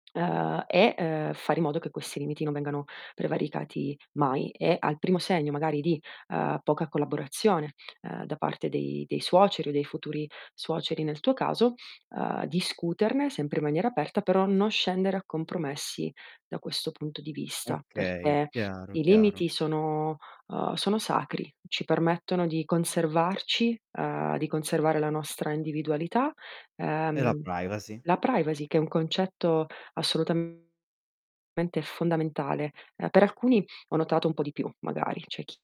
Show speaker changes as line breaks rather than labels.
Uhm, e, ehm, fare in modo che questi limiti non vengano prevaricati mai e al primo segno magari di, uhm, poca collaborazione, uhm, da parte dei dei suoceri o dei futuri suoceri nel tuo caso, uhm, discuterne sempre in maniera aperta però non scendere a compromessi da questo punto di vista
Okay,
perché
chiaro,
i
chiaro.
limiti sono, uhm, sono sacri, ci permettono di conservarci, uhm, di conservare la nostra individualità.
E la
Uhm,
privacy.
la privacy che è un concetto assolutamente fondamentale. Ehm, per alcuni ho notato un po' di più magari, c'è chi